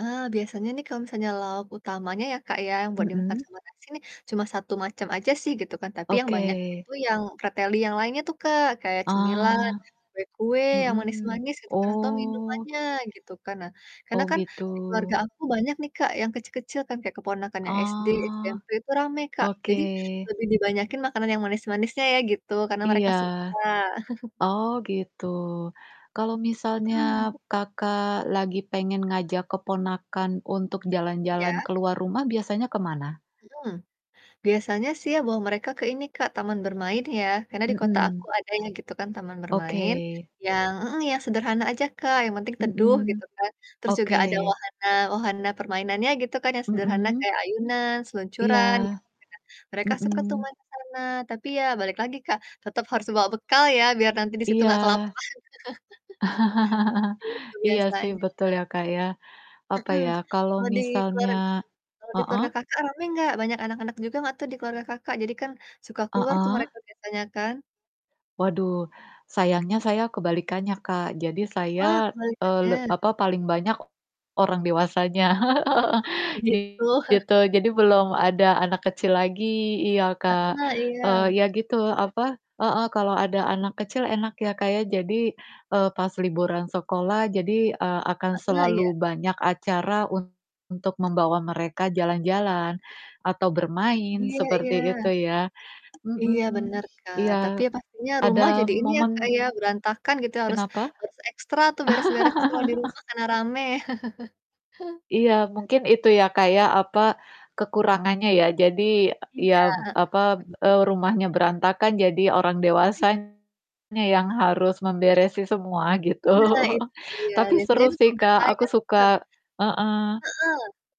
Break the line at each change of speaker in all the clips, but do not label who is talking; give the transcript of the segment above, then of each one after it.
Ah, biasanya nih kalau misalnya lauk utamanya ya, Kak, ya buat dimakan
Mhm.
sama nasi nih, cuma 1 macam aja sih, gitu kan, tapi yang banyak
Oke.
itu yang preteli yang lainnya tuh, Kak, kayak cemilan,
Ah.
kue-kue yang
Mhm,
manis-manis gitu kan atau
oh.
minumannya gitu kan, nah, karena
Oh,
kan
gitu.
di keluarga aku banyak nih, Kak, yang kecil-kecil kan, kayak keponakan yang SD,
Oh,
SMP itu rame, Kak,
oke.
jadi lebih dibanyakin makanan yang manis-manisnya ya gitu, karena mereka
Iya.
suka.
Oh, gitu. Kalau misalnya,
Mhm.
Kakak, lagi pengen ngajak keponakan untuk jalan-jalan
Iya.
keluar rumah biasanya ke mana?
Mhm. Biasanya sih ya bawa mereka ke ini, Kak, taman bermain ya, karena di kota
Mhm.
aku ada ya, gitu kan, taman bermain,
Oke.
yang mhm, yang sederhana aja, Kak, yang penting teduh,
Mhm,
gitu kan. Terus juga
oke.
ada wahana wahana permainannya, gitu kan, yang sederhana
Mhm?
kayak ayunan
Iya,
seluncuran, gitu ya. Mereka suka tuh
mhm.
main ke sana, tapi ya balik lagi, Kak, tetap harus bawa bekal ya, biar nanti di situ
Iya.
gak kelaparan. Begitu
Iya sih,
biasanya,
betul
Kak.
ya, Kak, ya. Apa
Mhm.
ya, kalo
Kalau di keluar
misalnya
kalau di keluarga
heeh?
Kakak rame nggak, banyak anak-anak juga nggak tuh di keluarga Kakak, jadi kan suka keluar tuh
Heeh.
mereka biasanya kan?
Waduh, sayangnya saya kebalikannya, Kak. Jadi
Oh,
saya, eee, le
kebalikannya?
apa, paling banyak, o orang dewasanya
Oh, begitu.
Gitu. Jadi belum ada anak kecil lagi, iya, Kak,
Heeh,
eee,
iya.
ya gitu, apa, heeh, kalau ada anak kecil enak ya, Kak, ya, jadi, eee, pas liburan sekolah jadi, eee, akan
Heeh, iya.
selalu banyak acara untuk membawa mereka jalan-jalan, atau bermain
Iya
seperti
iya.
itu ya,
Iya,
mhm,
bener, Kak. Tapi
iya,
ya pastinya rumah
ada
jadi ini ya, Kak,
momen
ya, berantakan gitu, harus
Kenapa?
harus ekstra tuh beres-beres kalau di rumah karena rame.
Iya, mungkin itu ya, Kak, ya, apa, kekurangannya ya, jadi, e
Iya,
ya,
heeh,
apa,
bener.
eee, rumahnya berantakan jadi orang
Mhm.
dewasanya yang harus memberesi semua gitu.
Nah, itu dia,
Tapi
biasanya
seru
itu
sih,
tugas
Kak,
saya
aku
sih,
suka,
Kak.
heeh,
Heeh,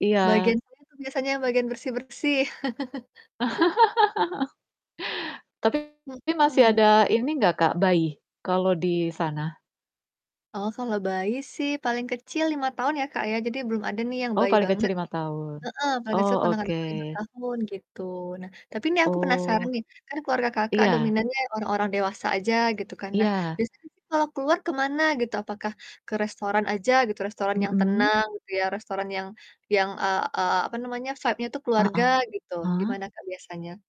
iya.
bagian saya tuh biasanya yang bagian bersih-bersih.
Tapi masih
Mhm.
ada ini nggak, Kak, bayi kalau di sana?
Oh, kalau bayi sih paling kecil 5 tahun ya, Kak, ya, jadi belum ada nih yang
Oh,
bayi
paling
banget.
kecil 5 tahun,
Heeh, paling
oh
kecil ponakan
oke.
aku 5 tahun, gitu. Nah, tapi ini aku penasaran
Oh.
nih, kan keluarga Kakak
Iya.
dominannya orang-orang dewasa aja, gitu kan, nah,
Iya.
biasanya sih kalau keluar ke mana gitu, apakah ke restoran aja gitu, restoran yang
Mhm.
tenang gitu ya, restoran yang yang, eee eee, apa namanya, vibe-nya tuh keluarga gitu
Heeh.
gimana Kak, biasanya?